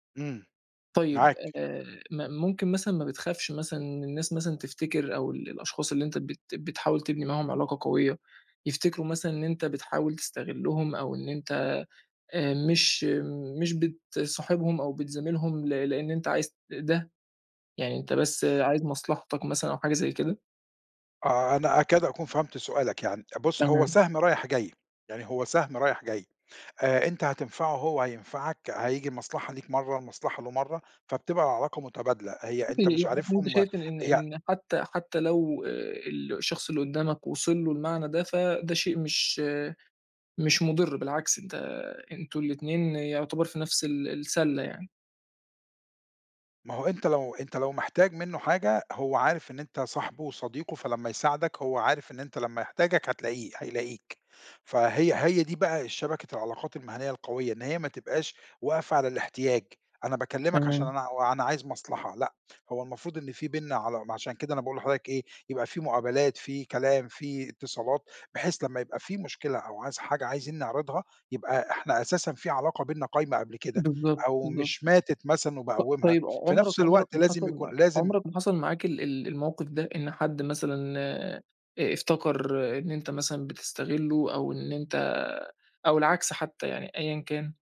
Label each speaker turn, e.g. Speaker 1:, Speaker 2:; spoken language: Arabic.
Speaker 1: إمم.
Speaker 2: طيب،
Speaker 1: معاك.
Speaker 2: آآ م ممكن مثلًا ما بتخافش مثلًا من الناس مثلًا تفتكر أو الأشخاص اللي أنت بت بتحاول تبني معاهم علاقة قويّة، يفتكروا مثلًا إن أنت بتحاول تستغلّهم أو إن أنت آآ مش مش بتصاحبهم أو بتزاملهم ل لإن أنت عايز ت ده، يعني أنت بس عايز مصلحتك مثلًا أو حاجة زي كده؟
Speaker 1: آه، أنا أكاد أكون فهمت سؤالك يعني. بُص، هو
Speaker 2: تمام.
Speaker 1: سَهْم رايح جاي. يعني هو سَهْم رايح جاي، آآ أنت هتنفعه هو هينفعك، هييجي المصلحة ليك مرّة المصلحة له مرّة، فبتبقى علاقة مُتبادلة. هي
Speaker 2: ممكن
Speaker 1: أنت مش
Speaker 2: [unintelligible] أنت
Speaker 1: عارفهم
Speaker 2: شايف إن
Speaker 1: ي
Speaker 2: إن حتّى حتّى لو آآ الشخص اللي قُدّامك وصل له المعنى ده، فده شيء مش مش مُضِر، بالعكس أنت أنتم الاتنين يُعتبر في نفس ال السلّة يعني.
Speaker 1: ما هو أنت لو أنت لو محتاج منّه حاجة، هو عارف إن أنت صاحبه وصديقه، فلمّا يساعدك هو عارف إن أنت لمّا يحتاجك هتلاقيه هيلاقيك. فهي هي دي بقى الشبكة العلاقات المهنيّة القويّة، إن هي ما تبقاش واقفة على الاحتياج. أنا باكلّمك عشان
Speaker 2: تمام.
Speaker 1: أنا وأنا عايز مصلحة لأ، هو المفروض إن في بيننا علا عشان كده أنا باقول لحضرتك إيه، يبقى في مُقابلات، في كلام، في اتصالات بحيث لمّا يبقى في مشكلة أو عايز حاجة عايزين نعرضها يبقى إحنا أساسًا في علاقة بيننا قايمة قبل كده
Speaker 2: بالضبط،
Speaker 1: أو
Speaker 2: بالضبط.
Speaker 1: مش ماتت مثلًا
Speaker 2: ط
Speaker 1: وباقوِّمها،
Speaker 2: طيب
Speaker 1: في
Speaker 2: عُمرك
Speaker 1: نفس
Speaker 2: عُمرك
Speaker 1: الوقت
Speaker 2: ما
Speaker 1: لازم
Speaker 2: حصل
Speaker 1: يكون
Speaker 2: معاك
Speaker 1: لازم
Speaker 2: عُمرك ما حصل معاك ال ال الموقف ده؟ إن حد مثلًا آآ افتكر إن أنت مثلًا بتستغلّه أو إن أنت أو العكس حتّى يعني أيًا كان؟